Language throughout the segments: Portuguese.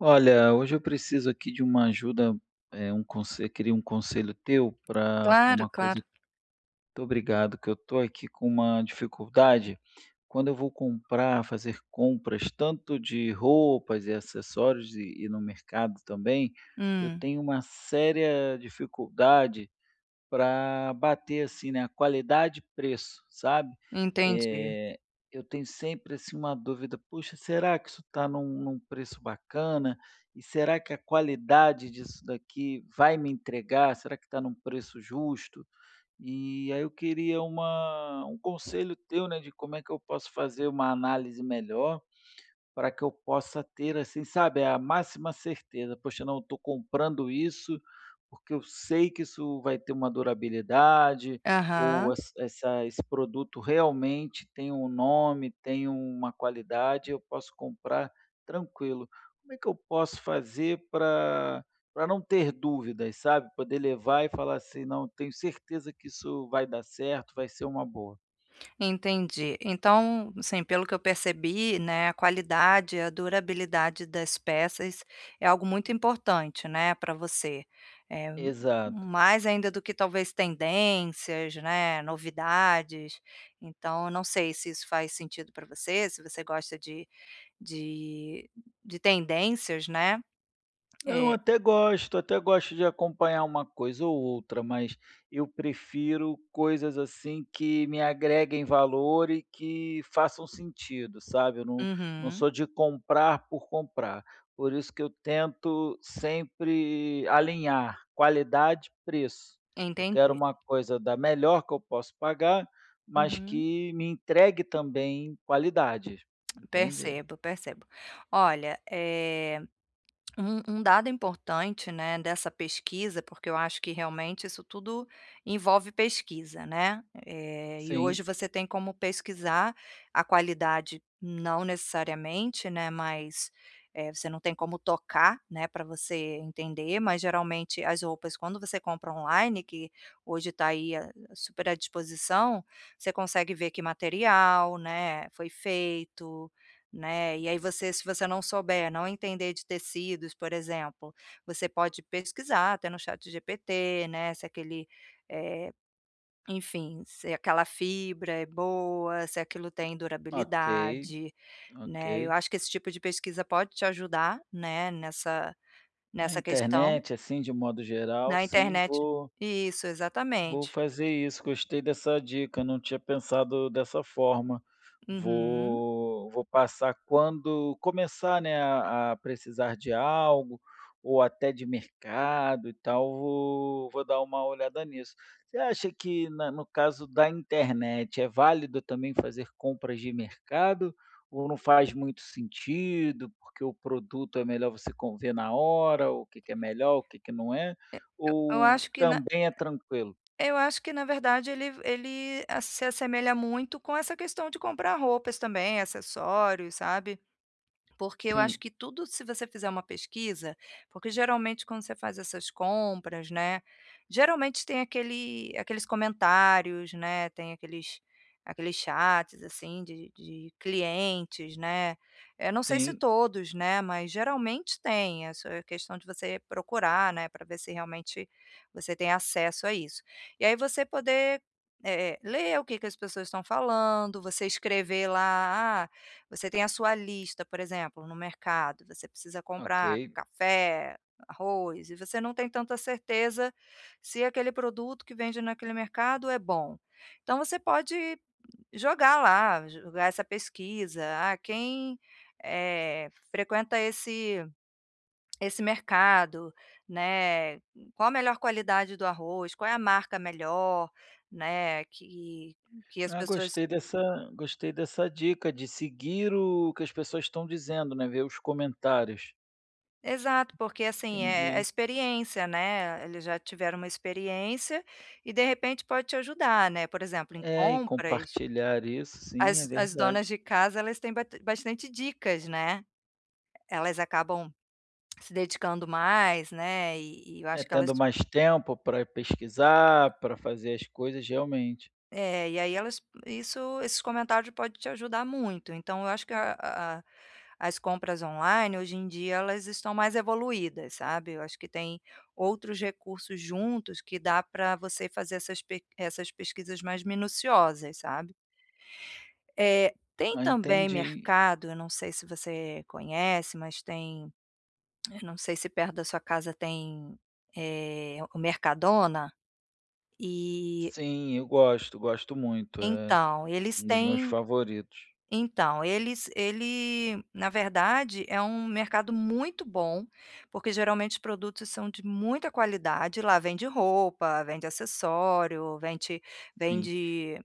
Olha, hoje eu preciso aqui de uma ajuda, eh, um conse eu queria um conselho teu pra pra Claro, uma coisa claro. muito obrigado, que eu tô aqui com uma dificuldade, quando eu vou comprar, fazer compras tanto de roupas e acessórios e e no mercado também, eu Hum. tenho uma séria dificuldade pra bater, assim, na qualidade e preço, sabe. Entendi. Eh, eu tenho sempre assim uma dúvida, "Puxa, será que isso tá em um em um preço bacana? E será que a qualidade disso daqui vai me entregar, será que tá num preço justo?", e aí eu queria uma um conselho teu, né, de como é que eu posso fazer uma análise melhor, pra que eu possa ter assim, sabe, a máxima certeza, "Poxa não, eu tô comprando isso, porque eu sei que isso vai ter uma durabilidade, ou Aham. essa esse produto realmente tem um nome, tem uma qualidade, eu posso comprar tranquilo", como é que eu posso fazer pra pra não ter dúvidas, sabe, poder levar e falar, assim: "Não, tenho certeza que isso vai dar certo, vai ser uma boa."? Entendi, então, assim, pelo que eu percebi, né, a qualidade, a durabilidade das peças é algo muito importante, né, pra você, eh, m Exato. mais ainda do que, talvez, tendências né, novidades. Então, eu não sei se isso faz sentido para você, se você gosta de de de tendências, né, Não, eh até gosto, até gosto de acompanhar uma coisa ou outra, mas eu prefiro coisas, assim, que me agreguem valor e que façam sentido, sabe, eu não não Uhum. sou de comprar por comprar, por isso que eu tento sempre alinhar qualidade e preço, eu quero Entendi. uma coisa da melhor que eu posso pagar, mas Uhum. que me entregue também qualidade, entende. Percebo, percebo. Olha, eh, um um dado importante, né, dessa pesquisa, porque eu acho que realmente isso tudo envolve pesquisa, né, eh, Sim. hoje você tem como pesquisar a qualidade não necessariamente, né, mas, eh, você não tem como tocar, né, para você entender, mas geralmente as roupas, quando você compra online, que hoje tá aí a a super à disposição, você consegue ver que material, né, foi feito, né, e aí você se você não souber, não entender de tecidos, por exemplo, você pode pesquisar até no ChatGPT, né, se aquele, eh, enfim, se aquela fibra é boa, se aquilo tem Ok, durabilidade, ok. né, eu acho que esse tipo de pesquisa pode te ajudar, né, nessa Na nessa questão internet, assim, de um modo geral, na sim, internet vou Isso, vou exatamente. fazer isso, gostei dessa dica, não tinha pensado dessa forma, Uhum. vou vou passar quando começar, né, a a precisar de algo ou até de mercado e tal, vou vou dar uma olhada nisso. Você acha que na no caso da internet é válido também fazer compras de mercado, ou não faz muito sentido, porque o produto é melhor você con ver na hora, o que que é E melhor, que que nao é, e eu ou acho que na também é tranquilo? eu acho que na verdade ele v ele a se assemelha muito com essa questão de comprar roupas também, acessórios, sabe, porque eu Sim. acho que tudo, se você fizer uma pesquisa, porque geralmente quando você faz essas compras, né, geralmente tem aquele aqueles comentários, né, tem aqueles aqueles chats, assim, de de clientes, né, eu não sei se Sim. todos, né, mas geralmente tem, eh, só é questão de você procurar, né, para ver se realmente você tem acesso a isso. E aí você poder, eh eh, ler o que que as pessoas estão falando, você escrever lá, ah, você tem a sua lista, por exemplo, no mercado, você precisa comprar Ok. café, arroz e você não tem tanta certeza se aquele produto que vende naquele mercado é bom. Então, você pode jogar lá, jogar essa pesquisa, ah, "Quem, eh, frequenta esse esse mercado, né, qual a melhor qualidade do arroz, qual é a marca melhor, né, que que as Ah, pessoas" gostei dessa gostei dessa dica de seguir o que as pessoas estão dizendo, né, ver os comentários. Exato, porque assim, é a Entendi. experiência, né, eles já tiveram uma experiência, e, de repente, pode te ajudar, né, por exemplo em É, e compras compartilhar isso sim, é as as donas verdade. de casa elas têm bat bastante dicas, né, elas acabam se dedicando mais, né, e e eu É, acho que elas tendo mais tempo para pesquisar, para fazer as coisas, realmente. É, e aí elas, isso esses comentários pode te ajudar muito, então eu acho que a a as compras online, hoje em dia, elas estão mais evoluídas, sabe, eu acho que tem outros recursos juntos que dá para você fazer essas pe essas pesquisas mais minuciosas, sabe? Eh, tem Ah, também entendi. mercado, não sei se você conhece, mas tem, eu não sei se perto da sua casa tem, eh, o Mercadona, e Sim, eu gosto, gosto muito, é então, eles um dos meus têm favoritos. então eles ele, na verdade, é um mercado muito bom, porque, geralmente, os produtos são de muita qualidade, lá vende roupa, vende acessório, vende Sim. vende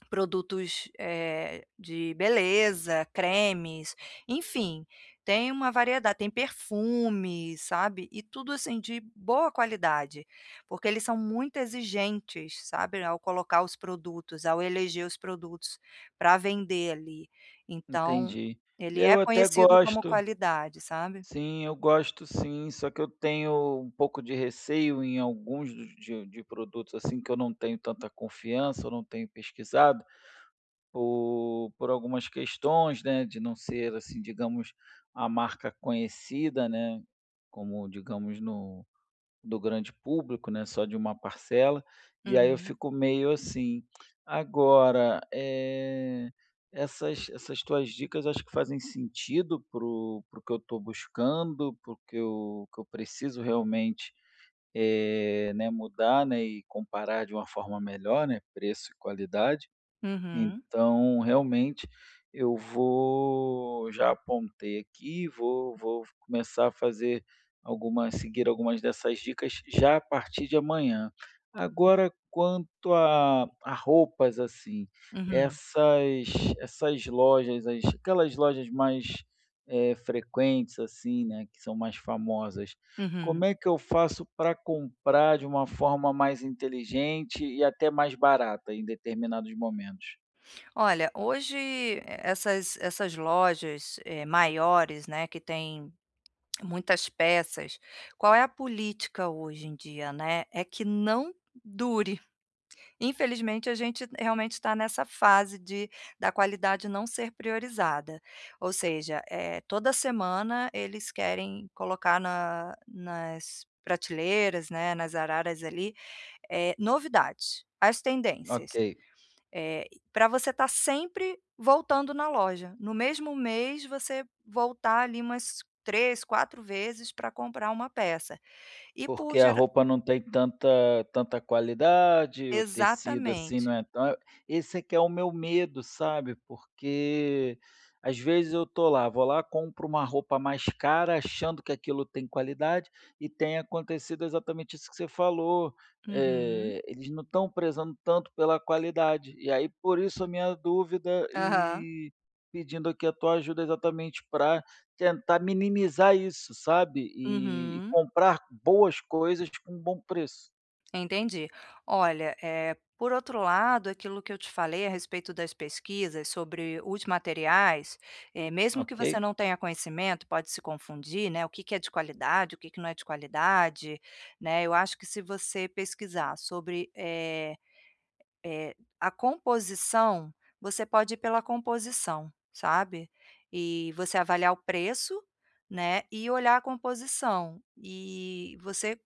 produtos, eh, de beleza, cremes, enfim, tem uma variedade, tem perfumes, sabe, e tudo assim de boa qualidade, porque eles são muito exigentes, sabe, ao colocar os produtos, ao eleger os produtos para vender ali, então Entendi. ele é Eu até conhecido como gosto. qualidade, sabe? Sim, eu gosto sim, só que eu tenho um pouco de receio em alguns de de produtos assim que eu não tenho tanta confiança ou não tenho pesquisado, por por algumas questões, né, de não ser assim digamos, a marca conhecida, né, como digamos no do grande público, né, só de uma parcela. E aí eu Uhum. fico meio assim. Agora, eh, essas essas tuas dicas acho que fazem sentido para o para o que eu estou buscando, para o que eu que eu preciso realmente, eh, né, mudar, né, e comparar de uma forma melhor, né, preço e qualidade. Uhum. Então realmente, eu vou já apontei aqui, vou vou começar a fazer alguma a seguir algumas dessas dicas já a partir de amanhã. [unintelligible] Agora quanto à à roupas assim, Uhum. essas essas lojas, as aquelas lojas mais, eh, frequentes, assim, né, que são mais famosas, Uhum. como é que eu faço pra comprar de uma forma mais inteligente e até mais barata em determinados momentos? Olha, hoje essas essas lojas, eh, maiores, né, que tem muitas peças, qual é a política hoje em dia, né? É que não dure, infelizmente a gente realmente tá nessa fase de da qualidade não ser priorizada, ou seja, eh, toda semana eles querem colocar na nas prateleiras, né, nas araras ali, eh, novidades, as tendências. Ok. Eh, e para você estar sempre voltando na loja, no mesmo mês você voltar ali, umas 3, 4 vezes pra comprar uma peça. E por Porque a gerar roupa não tem tanta tanta qualidade, o tecido assim não Exatamente. é ta esse é que é o meu medo sabe, porque às vezes eu estou lá, vou lá, compro uma roupa mais cara achando que aquilo tem qualidade, e tem acontecido exatamente isso que você falou, Uhum. eh, eles não estão prezando tanto pela qualidade. E aí por isso a minha dúvida Aham. e pedindo aqui a tua ajuda exatamente para tentar minimizar isso, sabe. E Uhum. comprar boas coisas, tipo, um bom preço. Entendi. Olha, eh, por outro lado, aquilo que eu te falei a respeito das pesquisas sobre os materiais, eh, mesmo que Ok. você não tenha conhecimento, pode se confundir, né, o que que é de qualidade, o que que não é de qualidade, né, eu acho que se você pesquisar sobre, eh eh, a composição, você pode ir pela composição, sabe. E você avaliar o preço, né, e olhar a composição, e você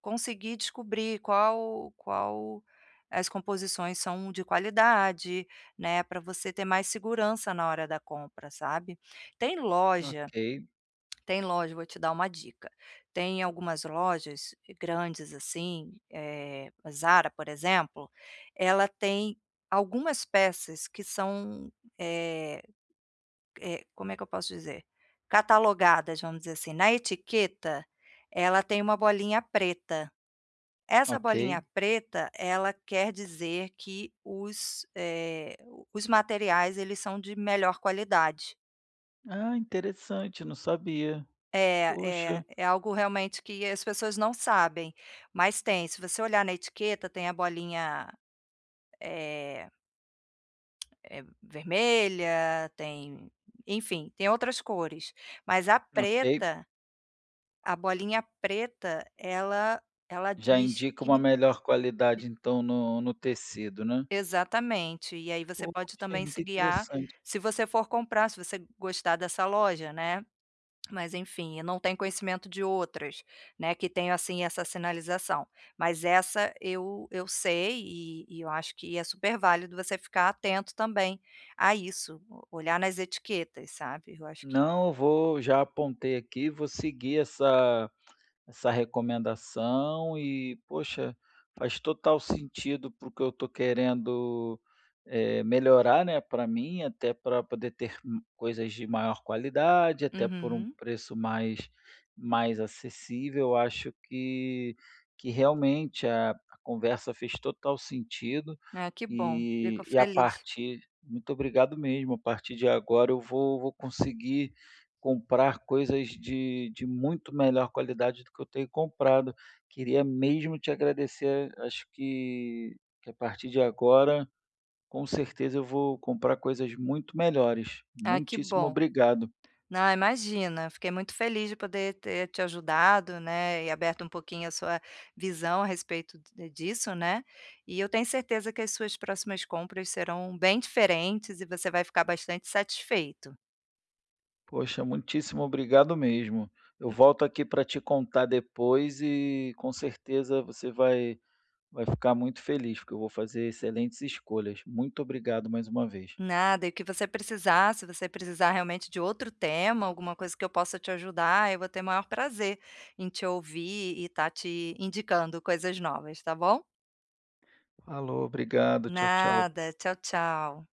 conseguir descobrir qual qual, eh, as composições são de qualidade, né, para você ter mais segurança na hora da compra, sabe. Tem loja Ok tem loja vou te dar uma dica, tem algumas lojas grandes, assim, eh, a Zara, por exemplo, ela tem algumas peças que são, eh eh, como é que eu posso dizer? Catalogadas, vamos dizer assim, na etiqueta, ela tem uma bolinha preta. Essa Ok. bolinha preta, ela quer dizer que os, eh, os materiais, eles são de melhor qualidade. Ah, interessante, não sabia. É, é, Poxa. é algo realmente que as pessoas não sabem, mas tem, se você olhar na etiqueta, tem a bolinha, eh eh, vermelha, tem enfim, tem outras cores, mas a Ok. preta a bolinha preta, ela ela Já diz indica uma que melhor qualidade, então, no no tecido, né. Exatamente, e aí você pode Poxa, também se muito guiar interessante. se você for comprar, se você gostar dessa loja, né. Mas enfim, eu não tenho conhecimento de outras, né, que tenham, assim, essa sinalização, mas essa eu eu sei, e e eu acho que é super válido você ficar atento também a isso, o olhar nas etiquetas, sabe, eu acho que Não, vou já apontei aqui, vou seguir essa essa recomendação, e, poxa, faz total sentido para o que eu estou querendo, eh, melhorar, né, pra mim, até pra poder ter, hum, coisas de maior qualidade, até por um Uhum. preço mais mais acessível, eu acho que que realmente a a conversa fez total sentido, Ah, que bom, e fico e a feliz. partir muito obrigado mesmo, a partir de agora, eu vou vou conseguir comprar coisas de de muito melhor qualidade do que eu tenho comprado. Queria mesmo te agradecer, acho que que a partir de agora, com certeza eu vou comprar coisas muito melhores. Ah, que Muitíssimo bom. obrigado. Não, imagina, fiquei muito feliz de poder ter te ajudado, né, e aberto um pouquinho a sua visão a respeito d disso, né, e eu tenho certeza que as suas próximas compras serão bem diferentes e você vai ficar bastante satisfeito. Poxa, muitíssimo obrigado mesmo. Eu volto aqui para te contar depois, e com certeza você vai vai ficar muito feliz, porque eu vou fazer excelentes escolhas. Muito obrigado mais uma vez. Nada, e o que você precisar, se você precisar realmente de outro tema, alguma coisa que eu possa te ajudar, eu vou ter maior prazer em te ouvir e estar te indicando coisas novas, tá bom? Falou, obrigado, tchau, tchau. Nada, tchau, tchau.